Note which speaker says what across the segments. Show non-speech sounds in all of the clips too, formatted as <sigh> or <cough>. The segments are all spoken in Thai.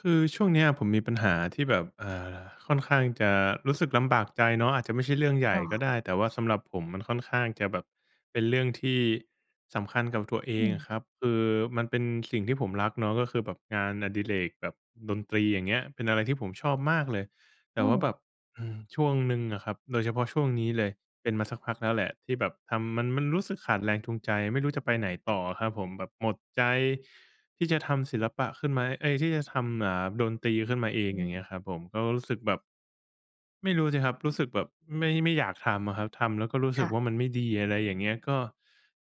Speaker 1: คือช่วงนี้อะผมมีปัญ หาที่แบบ อ่า ค่อนข้างจะรู้สึกลำบากใจเนาะ อาจจะไม่ใช่เรื่องใหญ
Speaker 2: อ
Speaker 1: ่
Speaker 2: ้อ
Speaker 1: ก็ได้ แต่ว่าสำหรับผมมันค่อนข้างจะแบบเป็นเรื่องที่สำคัญกับตัวเอ
Speaker 2: อื
Speaker 1: งอ
Speaker 2: ม
Speaker 1: ะครับ คือมันเป็นสิ่งที่ผมรักเนาะ ก็คือแบบงานอดิเรกแบบดนตรี อย่างเงี้ย เป็นอะไรที่ผมชอบมากเลย แต
Speaker 2: อื
Speaker 1: ่ว่า
Speaker 2: ม
Speaker 1: แบบ <sighs> ช่วงหนึ่งอะครับ โดยเฉพาะช่วงนี้เลย เป็นมาสักพักแล้วแหละ ที่แบบทำ มัน มันรู้สึกขาดแรงจูงใจ ไม่รู้จะไปไหน
Speaker 2: ค
Speaker 1: ต
Speaker 2: ่ะ
Speaker 1: ่ออะครับผม แบบหมดใจที่จะทำศิลปะขึ้นไหม เอ๊ย ที่จะทำ อ่า ดนตรีขึ้นมาเอง
Speaker 2: อื
Speaker 1: อย่างเงี้
Speaker 2: ม
Speaker 1: ยครับผม ก็รู้สึกแบบ ไม่รู้สิครับ รู้สึกแบบไม่ ไม่อยากทำอะครับ ทำแล้วก็รู้
Speaker 2: ค
Speaker 1: สึ
Speaker 2: ่
Speaker 1: ก
Speaker 2: ะ
Speaker 1: ว่ามันไม่ดี อะไรอย่างเงี้ย ก็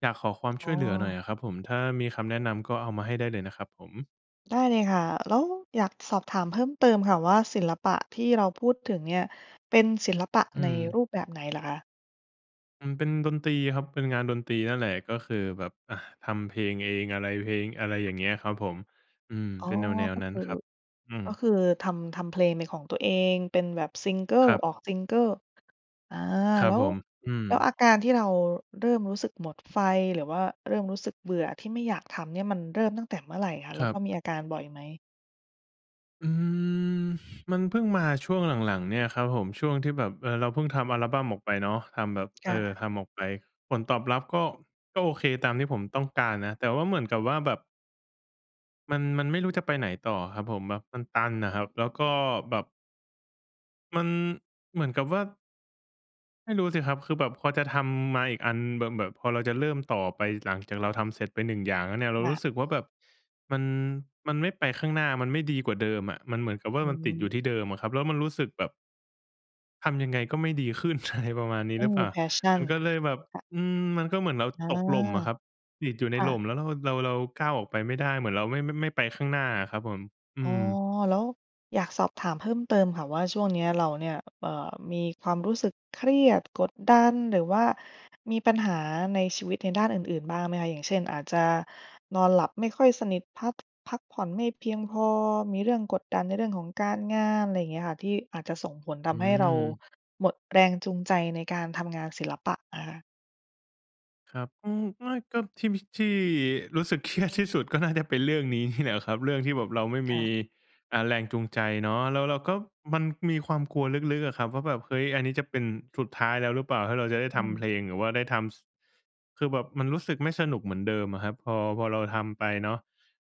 Speaker 1: อยากขอความ
Speaker 2: อ
Speaker 1: ช
Speaker 2: ๋
Speaker 1: ่วยเหลือหน่อ
Speaker 2: อ
Speaker 1: ยอะครับผม ถ้ามีคำแนะนำก็เอามาให้ได้เลยนะครับผม
Speaker 2: ได้เลยค่ะ แล้วอยากสอบถามเพิ่มเติมค่ะว่าศิลปะที่เราพูดถึงเนี่ยเป็นศิลปะ
Speaker 1: อื
Speaker 2: ในร
Speaker 1: ม
Speaker 2: ูปแบบไหนเหรอคะ?
Speaker 1: อืม เป็นดนตรีครับ เป็นงานดนตรีนั่นแหละ ก็คือแบบ อะ ทำเพลงเองอะไรเพลง อะไรอย่างเงี้ยครับผม อืม
Speaker 2: อ๋อ
Speaker 1: เป็นแนว
Speaker 2: ก็
Speaker 1: ๆ นั้
Speaker 2: ค
Speaker 1: น
Speaker 2: ือ
Speaker 1: ครับ อื
Speaker 2: ก็
Speaker 1: ม
Speaker 2: คือทำ ทำเพลงเป็นของตัวเอง เป็นแบบซิงเกิล
Speaker 1: ครับ
Speaker 2: ออกซิงเกิล อา
Speaker 1: คร
Speaker 2: แ
Speaker 1: ั
Speaker 2: ล้
Speaker 1: บผ
Speaker 2: ว
Speaker 1: ม อืม
Speaker 2: แล้วอาการที่เราเริ่มรู้สึกหมดไฟ หรือว่าเริ่มรู้สึกเบื่อที่ไม่อยากทำเนี่ย มันเริ่มตั้งแต่เมื่อไหร่คะ แล
Speaker 1: ค
Speaker 2: ้
Speaker 1: ร
Speaker 2: ว
Speaker 1: ั
Speaker 2: ก็
Speaker 1: บ
Speaker 2: มีอาการบ่อยไหม?
Speaker 1: อืม มันเพิ่งมาช่วงหลัง ๆ เนี่ยครับผม ช่วงที่แบบ เออ เราเพิ่งทำอัลบัมออกไปเนาะ ทำแบบ เ
Speaker 2: ค
Speaker 1: อ
Speaker 2: ่
Speaker 1: อ
Speaker 2: ะ
Speaker 1: ทำออกไป ผลตอบรับก็ ก็โอเคตามที่ผมต้องการนะ แต่ว่าเหมือนกับว่าแบบ มัน มันไม่รู้จะไปไหนต่ออะครับผม แบบมันตันน่ะครับ แล้วก็แบบ มันเหมือนกับว่า ไม่รู้สิครับ คือแบบพอจะทำมาอีกอันแบม แบบพอเราจะเริ่มต่อไปหลังจากเราทำเสร็จไป 1 อย่างแล้วเนี่ย เรา
Speaker 2: ค่
Speaker 1: รู้
Speaker 2: ะ
Speaker 1: สึกว่า แบบมัน มันไม่ไปข้างหน้า มันไม่ดีกว่าเดิมอะ มันเหมือนกับว่
Speaker 2: อ
Speaker 1: า
Speaker 2: ื
Speaker 1: มันติดอยู่
Speaker 2: ม
Speaker 1: ที่เดิมอะครับ แล้วมันรู้สึกแบบ ทำยังไงก็ไม่ดีขึ้น อะไร ประมาณนี้
Speaker 2: ไม
Speaker 1: หร
Speaker 2: ่
Speaker 1: ือเ
Speaker 2: ม
Speaker 1: ปล
Speaker 2: ี
Speaker 1: ่า มั
Speaker 2: Passion
Speaker 1: นก็เลยแบบ
Speaker 2: ค่ะ
Speaker 1: อืม มันก็เหมือนเรา
Speaker 2: อา
Speaker 1: ตกหล่มอะครับ ติดอยู่ใ
Speaker 2: ค
Speaker 1: น
Speaker 2: ่
Speaker 1: หล่
Speaker 2: ะ
Speaker 1: มแล้วเรา เรา เราก้าวออกไปไม่ได้ เหมือนเราไม่ ไม่ไปข้างหน้าอะครับผม อื
Speaker 2: อ๋อ
Speaker 1: ม
Speaker 2: แล้วอยากสอบถามเพิ่มเติมค่ะว่า ช่วงเนี้ยเราเนี่ย เอ่อ มีความรู้สึกเครียด กดดัน หรือว่ามีปัญหาในชีวิตในด้านอื่น ๆ บ้างไหมคะ? อย่างเช่น อาจจะนอนหลับไม่ค่อยสนิท พัก พักผ่อนไม่เพียงพอ มีเรื่องกดดันในเรื่องของการงาน ไรเงี้ยค่ะ ที่อาจจะส่งผลท
Speaker 1: อื
Speaker 2: ำให้เรา
Speaker 1: ม
Speaker 2: หมดแรงจูงใจในการทำงานศิลปะ อะคะ
Speaker 1: ครับ อืม อ้อย ก็ที่มี ที่รู้สึก เครียดที่สุดก็น่าจะเป็นเรื่องนี้นี่แหละครับ เรื่องที่แบบเราไม่
Speaker 2: ค
Speaker 1: ม
Speaker 2: ่
Speaker 1: ี
Speaker 2: ะ
Speaker 1: อ่า แรงจูงใจเนาะ แล้วเราก็ มันมีความกลัวลึก ๆ อะครับว่าแบบ เฮ้ย! อันนี้จะเป็นสุดท้ายแล้วหรือเปล่า? ถ้าเราจะได้
Speaker 2: อ
Speaker 1: ท
Speaker 2: ื
Speaker 1: ำเพ
Speaker 2: ม
Speaker 1: ลงหรือว่าได้ทำซ คือแบบมันรู้สึกไม่สนุกเหมือนเดิมอะครับ พอ พอเราทำไปเนาะ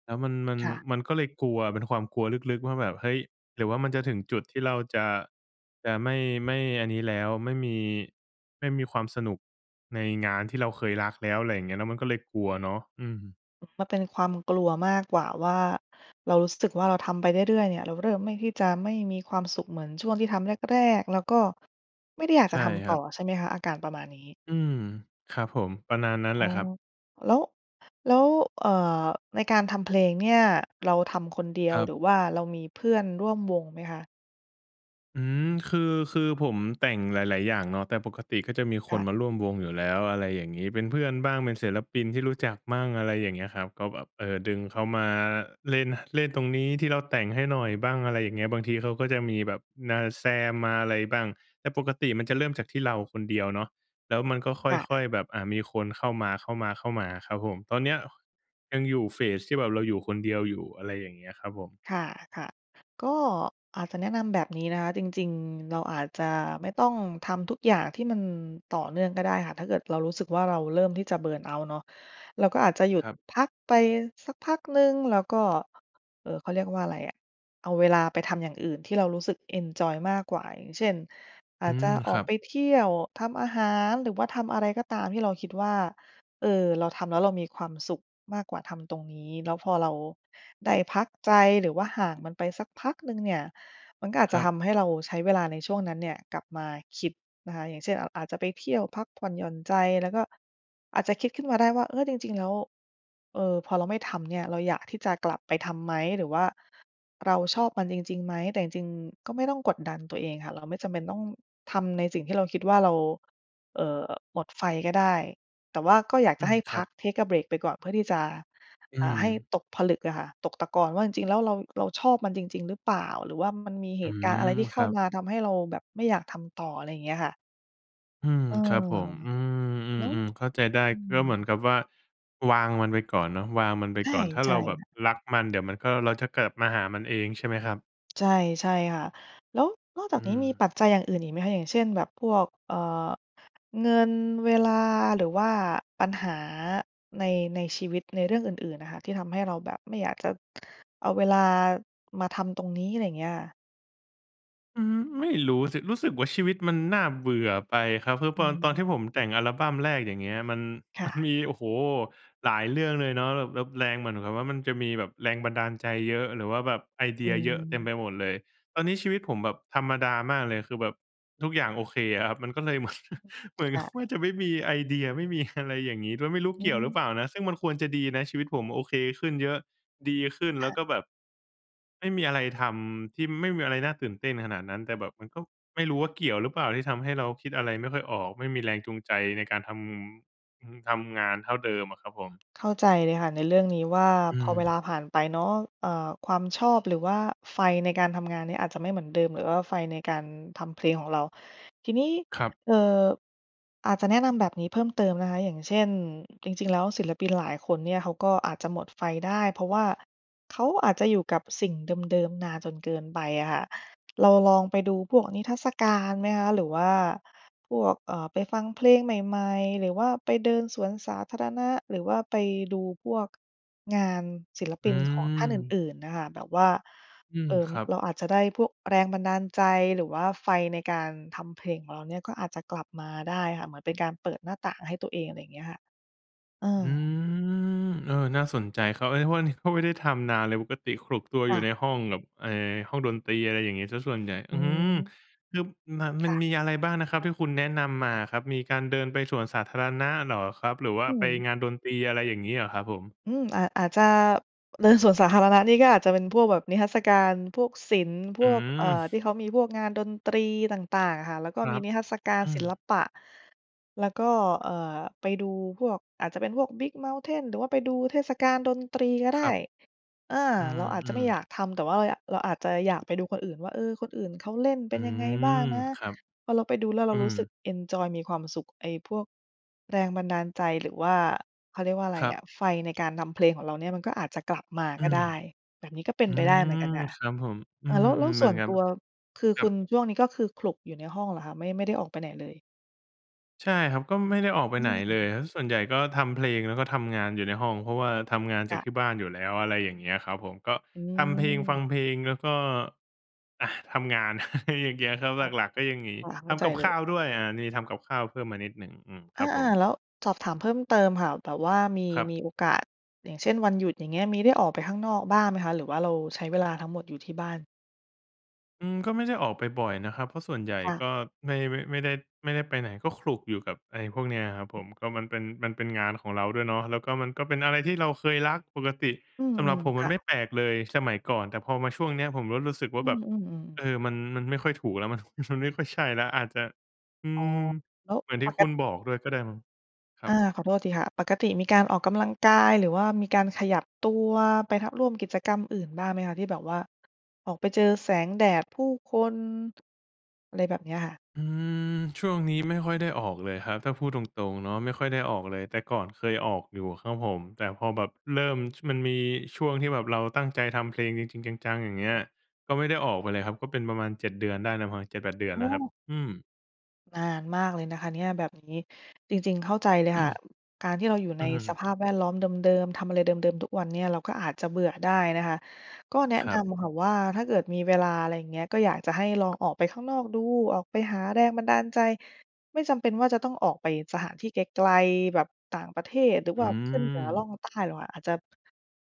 Speaker 1: แล้วมัน มัน
Speaker 2: ค่ะ
Speaker 1: มันก็เลยกลัว เป็นความกลัวลึก ๆ ว่าแบบ เฮ้ย หรือว่ามันจะถึงจุดที่เราจะ จะไม่ ไม่อันนี้แล้ว ไม่มี ไม่มีความสนุกในงานที่เราเคยรักแล้ว อะไรอย่างเงี้ย แล้วมันก็เลยกลัวเนาะ อืม
Speaker 2: มาเป็นความกลัวมากกว่าว่า เรารู้สึก ว่าเราทำไปเรื่อย ๆ เนี่ย เราเริ่มไม่ ที่จะไม่มีความสุขเหมือนช่วงที่ทำแรก ๆ แล้วก็ไม่ได้อยาก
Speaker 1: ใช
Speaker 2: จะ
Speaker 1: ่
Speaker 2: ท
Speaker 1: ค
Speaker 2: ำ
Speaker 1: ร
Speaker 2: ต
Speaker 1: ั
Speaker 2: ่อ
Speaker 1: บ
Speaker 2: ใช่ไหมคะ? อาการประมาณนี้
Speaker 1: อืม ครับผม ประมาณนั้น
Speaker 2: อ
Speaker 1: แ
Speaker 2: ๋
Speaker 1: ห
Speaker 2: อ
Speaker 1: ละครับ
Speaker 2: แล้ว แล้ว เออ ในการทำเพลงเนี่ย เราทำคนเดีย
Speaker 1: ค
Speaker 2: ว
Speaker 1: รั
Speaker 2: ห
Speaker 1: บ
Speaker 2: รือว่าเรามีเพื่อนร่วมวงไหมคะ?
Speaker 1: อืม คือ คือผมแต่งหลาย ๆ อย่างเนาะ แต่ปกติก็จะมีค
Speaker 2: ค่
Speaker 1: น
Speaker 2: ะ
Speaker 1: มาร่วมวงอยู่แล้ว อะไรอย่างงี้ เป็นเพื่อนบ้าง เป็นศิลปินที่รู้จักมั่ง อะไรอย่างเงี้ยครับ ก็แบบ เออ ดึงเขามาเล่น เล่นตรงนี้ที่เราแต่งให้หน่อยบ้าง อะไรอย่างเงี้ย บางทีเขาก็จะมีแบบนาแซมมาอะไรบ้าง แต่ปกติมันจะเริ่มจากที่เราคนเดียวเนาะ แล้วมันก็ค
Speaker 2: ค่
Speaker 1: ่อ
Speaker 2: ะ
Speaker 1: ย ๆ แบบ อา มีคนเข้ามา ๆ ๆ ครับผม ตอนเนี้ยยังอยู่ Phase ที่แบบเราอยู่คนเดียวอยู่ อะไรอย่างเงี้ยครับผม
Speaker 2: ค่ะ ๆ ก็อาจจะแนะนำแบบนี้นะคะ จริง ๆ เราอาจจะไม่ต้องทำทุกอย่างที่มันต่อเนื่องก็ได้ค่ะ ถ้าเกิดเรารู้สึกว่าเราเริ่มที่จะ เบิร์นเอาต์ เนาะ เราก็อาจจะหยุด
Speaker 1: ครับ
Speaker 2: พักไปสักพักหนึ่ง แล้วก็ เออ เขาเรียกว่าอะไรอะ เอาเวลาไปทำอย่างอื่นที่เรารู้สึก เอนจอย มากกว่า อย่างเช่น อ
Speaker 1: อื
Speaker 2: าจจะ
Speaker 1: ม
Speaker 2: อ
Speaker 1: ค
Speaker 2: อ
Speaker 1: ร
Speaker 2: ก
Speaker 1: ับ
Speaker 2: ไปเที่ยว ทำอาหาร หรือว่าทำอะไรก็ตามที่เราคิดว่า เออ เราทำแล้วเรามีความสุขมากกว่าทำตรงนี้ แล้วพอเราได้พักใจหรือว่าห่างมันไปสักพักหนึ่งเนี่ย มันก็อาจ
Speaker 1: ค
Speaker 2: จ
Speaker 1: ร
Speaker 2: ะ
Speaker 1: ับ
Speaker 2: ทำให้เราใช้เวลาในช่วงนั้นเนี่ยกลับมาคิดนะคะ อย่างเช่น อะ อาจจะไปเที่ยวพักผ่อนหย่อนใจ แล้วก็อาจจะคิดขึ้นมาได้ว่า เออ จริง ๆ แล้ว เออ พอเราไม่ทำเนี่ยเราอยากที่จะกลับไปทำไหม? หรือว่า เราชอบมันจริง ๆ ไหม? แต่จริง ๆ ก็ไม่ต้องกดดันตัวเองค่ะ เราไม่จำเป็นต้องทำในสิ่งที่เราคิดว่าเรา เอ่อ หมดไฟก็ได้ แต่ว่าก็อยาก
Speaker 1: อ
Speaker 2: จ
Speaker 1: ื
Speaker 2: ะให
Speaker 1: ม
Speaker 2: ้
Speaker 1: ค
Speaker 2: พ
Speaker 1: รั
Speaker 2: ั
Speaker 1: บ
Speaker 2: ก take a break ไปก่อน เพื่อที่จะ
Speaker 1: อื
Speaker 2: อ่า ให้
Speaker 1: ม
Speaker 2: ตกผลึกอะค่ะ ตกตะกอนว่า จริง ๆ แล้วเรา เราชอบมันจริง ๆ หรือเปล่า? หรือว่ามันมี
Speaker 1: อ
Speaker 2: เห
Speaker 1: ื
Speaker 2: ตุการณ์อะ
Speaker 1: ม
Speaker 2: ไรที่เ
Speaker 1: ค
Speaker 2: ข้
Speaker 1: ร
Speaker 2: า
Speaker 1: ับ
Speaker 2: มาทำให้เราแบบไม่อยากทำต่อ? อะไรอย่างเงี้ยค่ะ
Speaker 1: อืม
Speaker 2: เอ่อ
Speaker 1: ครับผม อืม อื
Speaker 2: แล้ว
Speaker 1: อ ๆ เข้าใจได้
Speaker 2: อื
Speaker 1: ก็
Speaker 2: ม
Speaker 1: เหมือนกับว่า วางมันไวก่อนเนาะ วางมันไป
Speaker 2: ใช่
Speaker 1: ก่อน ถ้า
Speaker 2: ใช
Speaker 1: เ
Speaker 2: ่
Speaker 1: ราแบบ
Speaker 2: ค่ะ
Speaker 1: รักมัน เดี๋ยวมันก็ เราจะกลับมาหามันเองใช่ไหมครับ?
Speaker 2: ใช่ ใช่ค่ะ แล้วนอกจา
Speaker 1: อ
Speaker 2: ก
Speaker 1: ื
Speaker 2: นี้มี
Speaker 1: ม
Speaker 2: ปัจจัยอย่างอื่นอีกไหมคะ? อย่างเช่น แบบพวก เอ่อ เงิน เวลา หรือว่าปัญหาใน ในชีวิต ในเรื่องอื่น ๆ น่ะค่ะ ที่ทำให้เราแบบไม่อยากจะ เอาเวลามาทำตรงนี้ อะไรอย่างเงี้ยค่ะ?
Speaker 1: อืม ไม่รู้สิ รู้สึกว่า ชีวิตมันน่าเบื่อไปครับ คือ
Speaker 2: อ
Speaker 1: ปอน ตอนที
Speaker 2: ืม
Speaker 1: ่ผมแต่งอัลบัมแรก อย่างเงี้ย มัน
Speaker 2: ค่
Speaker 1: มัน
Speaker 2: ะ
Speaker 1: มี โอ้โฮ! หลายเรื่องเลยเนาะ แล้วแบบแล้ว แรงเหมือนกับว่า มันจะมีแบบแรงบันดาลใจเยอะ หรือว่าแบบไอเด
Speaker 2: อื
Speaker 1: ียเยอะเต็ม
Speaker 2: ม
Speaker 1: ไปหมดเลย ตอนนี้ชีวิตผมแบบธรรมดามากเลย คือแบบทุกอย่างโอเคอะครับ มันก็เลย เหมือน เหมือน
Speaker 2: ค
Speaker 1: ก
Speaker 2: ่
Speaker 1: ับ
Speaker 2: ะ
Speaker 1: ว่าจะไม่มี ไอเดีย ไม่มี อะไร อย่างงี้ด้วย ไม่รู้
Speaker 2: อื
Speaker 1: เกี่ยวหรือเ
Speaker 2: ม
Speaker 1: ปล่านะ ซึ่งมันควรจะดีนะ ชีวิตผมโอเคขึ้นเยอะ ดีขึ้น
Speaker 2: ค
Speaker 1: แล้
Speaker 2: ่
Speaker 1: ว
Speaker 2: ะ
Speaker 1: ก็แบบ ไม่มีอะไรทำที่ ไม่มีอะไรน่าตื่นเต้นขนาดนั้น แต่แบบมันก็ไม่รู้ว่าเกี่ยวหรือเปล่า ที่ทำให้เราคิดอะไรไม่ค่อยออก ไม่มีแรงจูงใจในการทำ ฮื้อ ทำงานเท่าเดิมอะครับผม
Speaker 2: เข้าใจเลยค่ะในเรื่องนี้ว่า
Speaker 1: อื
Speaker 2: พอเวล
Speaker 1: ม
Speaker 2: าผ่านไปเนาะ เอ่อ ความชอบหรือว่าไฟในการทำงานเนี่ย อาจจะไม่เหมือนเดิม หรือว่าไฟในการทำเพลงของเรา ทีนี้
Speaker 1: ครับ
Speaker 2: เอ่อ อาจจะแนะนำแบบนี้เพิ่มเติมนะคะ อย่างเช่น จริง ๆ แล้ว ศิลปินหลายคนเนี่ย เขาก็อาจจะหมดไฟ ได้ เพราะว่าเขาอาจจะอยู่กับสิ่งเดิม ๆ นานจนเกินไปอะค่ะ เราลองไปดูพวกนิทรรศการไหมคะ? หรือว่า พวก เออ ไปฟังเพลงใหม่ ๆ หรือว่าไปเดินสวนสาธารณะ หรือว่าไปดูพวกงานศิลป
Speaker 1: อื
Speaker 2: ิน ของท่านอ
Speaker 1: ม
Speaker 2: ื่น ๆ น่ะค่ะ แบบว่า
Speaker 1: อื
Speaker 2: เ
Speaker 1: ม
Speaker 2: อ่อ
Speaker 1: ครับ
Speaker 2: เราอาจจะได้พวกแรงบันดาลใจ หรือว่าไฟในการทำเพลงของเราเนี่ย ก็อาจจะกลับมาได้ค่ะ เหมือนเป็นการ เปิดหน้าต่างให้ตัวเอง อะไรอย่างเงี้ยค่ะ เอ
Speaker 1: อื
Speaker 2: อ
Speaker 1: ม เออ น่าสนใจครับอันนี้ เพราะว่าอันนี้ก็ไม่ได้ทำนานเลย ปกติขลุกตัว
Speaker 2: ค
Speaker 1: อยู
Speaker 2: ่
Speaker 1: ่
Speaker 2: ะ
Speaker 1: ในห้องแบบไอ้ ห้องดนตรี อะไรอย่างงี้ซะส่วนใหญ่
Speaker 2: อ
Speaker 1: อ
Speaker 2: ื
Speaker 1: ื้อฮือ
Speaker 2: ม
Speaker 1: คือ ม่ะ ม
Speaker 2: ค
Speaker 1: ั
Speaker 2: ่
Speaker 1: น
Speaker 2: ะ
Speaker 1: มีอะไรบ้างนะครับ? ที่คุณแนะนำมาอะครับ มีการเดินไปสวนสาธารณะเหรอครับ? หรือว่
Speaker 2: อ
Speaker 1: า
Speaker 2: ื
Speaker 1: ไป
Speaker 2: ม
Speaker 1: งานดนตรี อะไรอย่างงี้เหรอครับผม?
Speaker 2: อืม อาจ อาจจะ เดินสวนสาธารณะนี่ก็อาจจะเป็นพวกแบบนิทรรศการ พวกศิลป์ พ
Speaker 1: อื
Speaker 2: วก เอ่อ ที่
Speaker 1: ม
Speaker 2: เขามีพวกงานดนตรีต่าง ๆ อะค่ะ แล้วก็
Speaker 1: คร
Speaker 2: มี
Speaker 1: ับ
Speaker 2: นิทรรศการ
Speaker 1: อื
Speaker 2: ศิ
Speaker 1: ม
Speaker 2: ล ปะ แล้วก็ เอ่อ ไปดูพวก อาจจะเป็นพวกบิ๊กเมาน์เท่น หรือว่าไปดูเทศกาลดนตรีก็
Speaker 1: ค
Speaker 2: ได
Speaker 1: รั
Speaker 2: ้
Speaker 1: บ
Speaker 2: เออ
Speaker 1: อื
Speaker 2: เราอาจ จะไม่
Speaker 1: ม
Speaker 2: อยา
Speaker 1: ๆ
Speaker 2: กทำ แต่ว่าเราหยะ เราอาจจะอยากไปดูคนอื่นว่า เออ คนอื่นเขาเล่นเป
Speaker 1: อ
Speaker 2: ็
Speaker 1: ื
Speaker 2: นยังไงบ้า
Speaker 1: ม
Speaker 2: งนะ
Speaker 1: ครับ
Speaker 2: พอเราไปดูแล้วเร
Speaker 1: อ
Speaker 2: า
Speaker 1: ื
Speaker 2: รู้สึก
Speaker 1: ม
Speaker 2: เอนจอย มีความสุข ไอ้พวกแรงบันดาลใจหรือว่า เขาเรียกว่าไร
Speaker 1: ครั
Speaker 2: อ
Speaker 1: บ
Speaker 2: ะ ไฟในการทำเพลงของเราเนี่ย มันก็อาจจะกลับมา
Speaker 1: อื
Speaker 2: ก็ไ
Speaker 1: ม
Speaker 2: ด้ แบบนี้ก็เป็
Speaker 1: อ
Speaker 2: น
Speaker 1: ื
Speaker 2: ไปได้เหมือน
Speaker 1: ม
Speaker 2: กันค่ะ
Speaker 1: ครับผม อื
Speaker 2: อ่า
Speaker 1: ม
Speaker 2: แล้ว แล้ว
Speaker 1: ๆ เหม
Speaker 2: ส
Speaker 1: ื
Speaker 2: ่
Speaker 1: อ
Speaker 2: ว
Speaker 1: น
Speaker 2: น
Speaker 1: การ
Speaker 2: ตัว
Speaker 1: <unintelligible>
Speaker 2: คือ
Speaker 1: คร
Speaker 2: ค
Speaker 1: ั
Speaker 2: ุณ
Speaker 1: บ
Speaker 2: ช่วงนี้ก็คือขลุกอยู่ในห้องเหรอคะ? ไม่ ไม่ได้ออกไปไหนเลย
Speaker 1: ใช่ครับ ก็ไม่ได้ออกไป
Speaker 2: อื
Speaker 1: ไหนเลย
Speaker 2: ม
Speaker 1: ครับ ส่วนใหญ่ก็ทำเพลง แล้วก็ทำงานอยู่ในห้อง เพราะว่าทำงาน
Speaker 2: ค
Speaker 1: จา
Speaker 2: ่
Speaker 1: ก
Speaker 2: ะ
Speaker 1: ที่บ้านอยู่แล้ว อะไรอย่างเงี้ยครับผม ก็
Speaker 2: อื
Speaker 1: ทำเพลง ฟ
Speaker 2: ม
Speaker 1: ังเพลง แล้วก็ อะ ทำงาน อะไร อย่างเงี้ยครับ
Speaker 2: อ๋อ
Speaker 1: หลัก ๆ ก็อย่างงี้
Speaker 2: อะฮะ เข
Speaker 1: ท
Speaker 2: ้าใจ
Speaker 1: ำกับ
Speaker 2: เล
Speaker 1: ข้าว
Speaker 2: ย
Speaker 1: ด้วย อ่า มีทำกับข้าวเพิ่มมานิดหนึ่ง อืม ค
Speaker 2: อ
Speaker 1: ร
Speaker 2: า
Speaker 1: ับผม
Speaker 2: ๆ แล้วสอบถามเพิ่มเติมค่ะ แบบว่ามี
Speaker 1: ครับ
Speaker 2: มีโอกาส อย่างเช่น วันหยุดอย่างเงี้ยมีได้ออกไปข้างนอกบ้างไหมคะ หรือว่าเราใช้เวลาทั้งหมดอยู่ที่บ้าน?
Speaker 1: อืม ก็ไม่ได้ออกไปบ่อยนะครับ เพราะส่วนใหญ่
Speaker 2: ค่
Speaker 1: ก
Speaker 2: ะ
Speaker 1: ็ไม่ ไม่ ไม่ได้ ไม่ได้ไปไหน ก็ขลุกอยู่กับไอ้พวกนี้อะครับผม ก็มันเป็น มันเป็นงานของเราด้วยเนาะ แล้วก็มันก็เป็นอะไรที่เราเคยรักปกติ
Speaker 2: อื
Speaker 1: สำหรับ
Speaker 2: ม
Speaker 1: ผม
Speaker 2: ๆ
Speaker 1: ม
Speaker 2: ค
Speaker 1: ัน
Speaker 2: ่
Speaker 1: ไ
Speaker 2: ะ
Speaker 1: ม่แปลกเลยสมัยก่อน แต่พอมาช่วงเนี้ยผมรู้ รู้สึกว
Speaker 2: อ
Speaker 1: ่
Speaker 2: ื
Speaker 1: าแบบ
Speaker 2: ม
Speaker 1: เอ
Speaker 2: ๆ ๆ
Speaker 1: อ มัน มันไม่ค่อยถูกแล้ว มัน มัน ไม่ค่อยใช่แล้ว อาจจะ อื
Speaker 2: อ๋อ
Speaker 1: ม
Speaker 2: แล้ว
Speaker 1: เหมือนท
Speaker 2: ป
Speaker 1: ี่
Speaker 2: ก
Speaker 1: คุณบอกด้วยก็ได้มั้ง ครั
Speaker 2: อา
Speaker 1: บ
Speaker 2: ขอโทษทีค่ะ ปกติมีการออกกำลังกาย หรือว่ามีการขยับตัวไป ท ร่วมกิจกรรมอื่นบ้างไหมคะ? ที่แบบว่าออกไปเจอแสงแดด ผู้คน อะไรแบบเนี้ยค่ะ
Speaker 1: อืม ช่วงนี้ไม่ค่อยได้ออกเลยครับ ถ้าพูดตรง ๆ เนาะ ไม่ค่อยได้ออกเลย แต่ก่อนเคยออกอยู่ครับผม แต่พอแบบเริ่ม ช มันมีช่วงที่แบบเราตั้งใจทำเพลงจริง ๆ จัง ๆ อย่างเงี้ย ก็ไม่ได้ออกไปเลยครับ ก็เป็นประมาณ 7 เดือนได้แล้วมั้ง 7-8 เดือน
Speaker 2: โอ
Speaker 1: แล้วครับ
Speaker 2: ้
Speaker 1: อืม
Speaker 2: นานมากเลยนะคะเนี่ยแบบนี้ จริง ๆ เข้าใจเลยค่ะ
Speaker 1: <clears throat>
Speaker 2: การที่เราอยู่ใ
Speaker 1: อ
Speaker 2: น
Speaker 1: ื
Speaker 2: ส
Speaker 1: ม
Speaker 2: ภาพแวดล้อมเดิม ๆ ทำอะไรเดิม ๆ ทุกวันเนี่ย เราก็อาจจะเบื่อได้นะคะ ก็แนะ
Speaker 1: คร
Speaker 2: น
Speaker 1: ับ
Speaker 2: ำ ค่ะว่า ถ้าเกิดมีเวลา อะไรเงี้ย ก็อยากจะให้ลองออก ไปข้างนอกดู ออกไปหาแรงบันดาลใจ ไม่จำเป็นว่าจะต้องออกไปสถานที่ไกล ๆ แบบต่างประเทศหรือ
Speaker 1: อ
Speaker 2: ว
Speaker 1: ื
Speaker 2: ่า ขึ้นเหนือล่อ
Speaker 1: ม
Speaker 2: งใต้หรอกค่ะ อาจจะ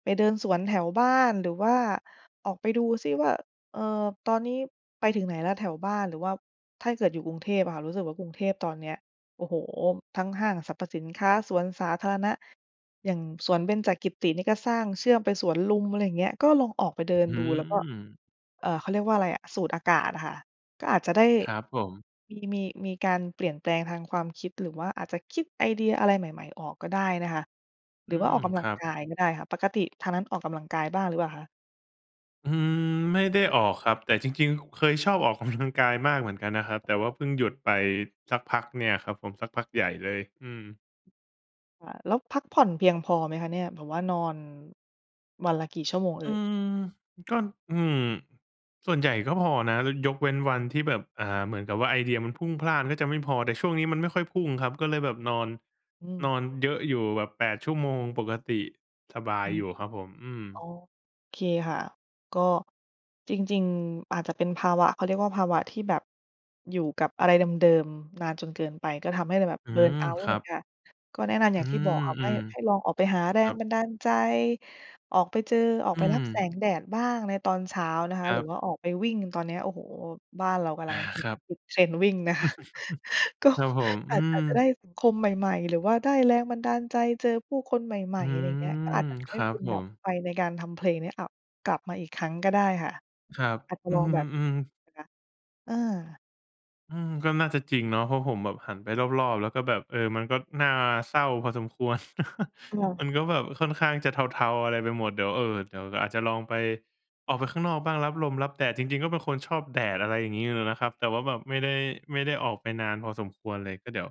Speaker 2: ไปเดินสวนแถวบ้าน หรือว่าออกไปดูสิว่า เออ ตอนนี้ไปถึงไหนแล้วแถวบ้าน หรือว่าถ้าเกิดอยู่กรุงเทพอะค่ะ รู้สึกว่า กรุงเทพตอนเนี้ย โอ้โฮ ทั้งห้างสรรพสินค้า สวนสาธารณะ อย่างสวนเบญจกิติเนี่ยก็สร้างเชื่อมไปสวนลุม อะไรอย่างเงี้ย ก็ลองออกไปเดิน
Speaker 1: อื้อฮ
Speaker 2: ดู
Speaker 1: ื
Speaker 2: แล้วก็
Speaker 1: อ
Speaker 2: เออ เขาเรียกว่าอะไรอะ สูดอากาศอะค่ะ ก็อาจจะได้
Speaker 1: ครับผม
Speaker 2: มี มี มีการเปลี่ยนแปลงทางความคิด หรือว่าอาจจะคิดไอเดียอะไรใหม่ ๆ ออกก็ได้นะคะ หร
Speaker 1: อ
Speaker 2: ื
Speaker 1: ื
Speaker 2: อว่า
Speaker 1: ม
Speaker 2: ออกกำ
Speaker 1: ค
Speaker 2: ลัง
Speaker 1: รับ
Speaker 2: กายก็ได้ค่ะ ปกติทางนั้นออก กำลังกายบ้างหรือเปล่าคะ?
Speaker 1: อือ ไม่ได้ออกครับ แต่จริง ๆ เคยชอบออก กำลัง กายมากเหมือนกันนะครับ แต่ว่าเพิ่งหยุดไปสักพักเนี่ยครับผม สักพักใหญ่เลย อืม
Speaker 2: ค่ะ แล้วพักผ่อนเพียงพอไหมคะเนี่ย หรือว่านอน วันละกี่ชั่วโมงเอ
Speaker 1: อื
Speaker 2: ่ย?
Speaker 1: ม ก็ อื้อฮือ ส่วนใหญ่ก็พอนะ แล้วยกเว้นวันที่แบบ อ่า เหมือนกับว่าไอเดียมันพุ่งพล่านก็จะไม่พอ แต่ช่วงนี้มันไม่ค่อยพุ่งครับ ก็เลยแบบนอน
Speaker 2: อือ
Speaker 1: นอนเยอะอยู่แบบ 8 ชั่วโมงปกติ สบา
Speaker 2: อ
Speaker 1: ย
Speaker 2: ื
Speaker 1: อ
Speaker 2: ม
Speaker 1: ยู่ครับผม อื
Speaker 2: อ๋อ
Speaker 1: ม
Speaker 2: เคค่ะ ก็ จริง ๆ อาจจะเป็นภาวะ เขาเรียกว่าภาวะที่แบบ อยู่กับอะไรเดิม ๆ นานจนเกินไป ก็ทำให้เลยแบบ
Speaker 1: อื
Speaker 2: เบิร์น
Speaker 1: ม
Speaker 2: เอาต
Speaker 1: ค
Speaker 2: ์ เ
Speaker 1: ร
Speaker 2: น
Speaker 1: ั
Speaker 2: ี่ย
Speaker 1: บ
Speaker 2: ค่ะ ก็แนะนำอย
Speaker 1: อ
Speaker 2: ่
Speaker 1: ื
Speaker 2: างที่บอก
Speaker 1: ม
Speaker 2: ค่ะ
Speaker 1: อื
Speaker 2: ให้
Speaker 1: อ
Speaker 2: ให้ลองออกไปหาแร
Speaker 1: คร
Speaker 2: ง
Speaker 1: ับ
Speaker 2: บันดาลใจ ออกไปเจอ ออก
Speaker 1: อื
Speaker 2: ไปรับแส
Speaker 1: อ
Speaker 2: งแดดบ้าง ในตอนเช้านะค
Speaker 1: ค
Speaker 2: ะ ห
Speaker 1: ร
Speaker 2: ร
Speaker 1: ั
Speaker 2: ือ
Speaker 1: บ
Speaker 2: ว่าออกไปวิ่งตอนเนี้ย โอ้โฮ บ้านเรากำ
Speaker 1: อ
Speaker 2: ลัง
Speaker 1: า ครับ
Speaker 2: ฝึก ๆ เทรนวิ่ง นะคะ
Speaker 1: <chuckles>
Speaker 2: ก็
Speaker 1: ครับผม
Speaker 2: อ
Speaker 1: อ
Speaker 2: า
Speaker 1: ื
Speaker 2: จ อาจจะได้
Speaker 1: ม
Speaker 2: สังคมใหม่ ๆ หรือว่าได้แรงบันดาลใจเจอผู้คนใหม
Speaker 1: อื้
Speaker 2: ่
Speaker 1: อฮ
Speaker 2: ๆ
Speaker 1: ื
Speaker 2: อะไรอย่างเงี้ย ก็อาจจะ
Speaker 1: อ
Speaker 2: ให
Speaker 1: ค
Speaker 2: ้
Speaker 1: รั
Speaker 2: เ
Speaker 1: บ
Speaker 2: ป็น
Speaker 1: ผ
Speaker 2: แบบ
Speaker 1: ม
Speaker 2: ไฟในการทำเพลงนี้อะ กลับมาอีกครั้งก็ได้ค่ะ
Speaker 1: ครับ
Speaker 2: อาจจะ
Speaker 1: อื
Speaker 2: ล
Speaker 1: อ
Speaker 2: อง
Speaker 1: ฮึ
Speaker 2: แบบ
Speaker 1: อือ
Speaker 2: ค่ะ เออ
Speaker 1: อือ ก็น่าจะจริงเนาะ เพราะผมแบบหันไปรอบ ๆ แล้วก็แบบ เออ มันก็น่าเศร้าพอสมควร <chuckles> ม
Speaker 2: <unintelligible>
Speaker 1: ันก็แบบค่อนข้างจะเทา ๆ อะไรไปหมด เดี๋ยวเออ เดี๋ยวก็อาจจะลองไป ออกไปข้างนอกบ้างรับลมรับแดด จริง ๆ ก็เป็นคนชอบแดด อะไรอย่างงี้ อยู่นะครับ แต่ว่าแบบไม่ได้ ไม่ได้ออกไปนานพอสมควรเลย ก็เดี๋ยว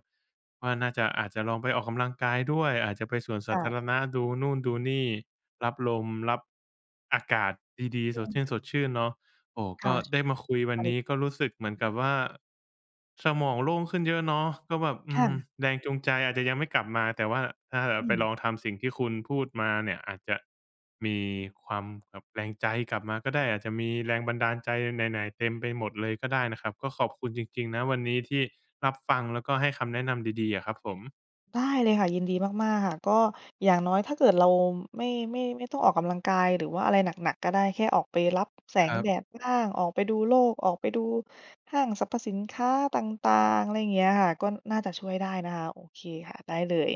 Speaker 1: ว่าน่าจะ อาจจะลองไปออกกำลังกายด้วย อาจจะไปสวนส
Speaker 2: ค
Speaker 1: า
Speaker 2: ่
Speaker 1: ธา
Speaker 2: ะ
Speaker 1: รณะดูนู่นดูนี่ รับลม รับอากาศดี
Speaker 2: จ
Speaker 1: ๆ
Speaker 2: ร
Speaker 1: ส
Speaker 2: ิ
Speaker 1: ด
Speaker 2: ง
Speaker 1: ชื่น ๆ เนาะ โอ้โฮ
Speaker 2: ค
Speaker 1: ก
Speaker 2: ่
Speaker 1: ็
Speaker 2: ะ
Speaker 1: ได้มาคุยวั
Speaker 2: ไ
Speaker 1: นน
Speaker 2: ป
Speaker 1: ี้ ก็รู้สึกเหมือนกับว่า สมองโล่งขึ้นเยอะเนาะ ก็แบบ อ
Speaker 2: ค
Speaker 1: ื
Speaker 2: ่
Speaker 1: ม
Speaker 2: ะ
Speaker 1: แรงจูงใจอาจจะยังไม่กลับมา แต่ว่าถ้า เอ่
Speaker 2: อ
Speaker 1: อ ไป
Speaker 2: ืม
Speaker 1: ลองทำสิ่งที่คุณพูดมาเนี่ย อาจจะ มีความ แบบแรงใจกลับมาก็ได้ อาจจะมีแรงบันดาลใจไหน ๆ เต็มไปหมดเลยก็ได้นะครับ ก็ขอบคุณจริง ๆ นะ วันนี้ที่รับฟัง แล้วก็ให้คำแนะนำดี ๆ อะครับผม
Speaker 2: ได้เลยค่ะ ยิน ดีมาก ๆ ค่ะ ก็อย่างน้อยถ้าเกิดเราไม่ ไม่ ไม่ต้องออกกำลังกาย หรือว่าอะไรหนัก ๆ ก็ได้ แค่ออกไปรับแส
Speaker 1: ค
Speaker 2: ง
Speaker 1: รั
Speaker 2: แ
Speaker 1: บ
Speaker 2: ดดบ้าง ออกไปดูโลก ออกไปดูห้างสรรพสินค้าต่าง ๆ อะไรอย่างเงี้ยค่ะ ก็น่าจะช่วยได้นะคะ โอเคค่ะ ได้เลย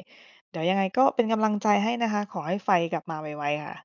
Speaker 2: เดี๋ยวยังไงก็เป็นกำลังใจให้นะคะ ขอให้ไฟกลับมาไว ๆ ค่ะ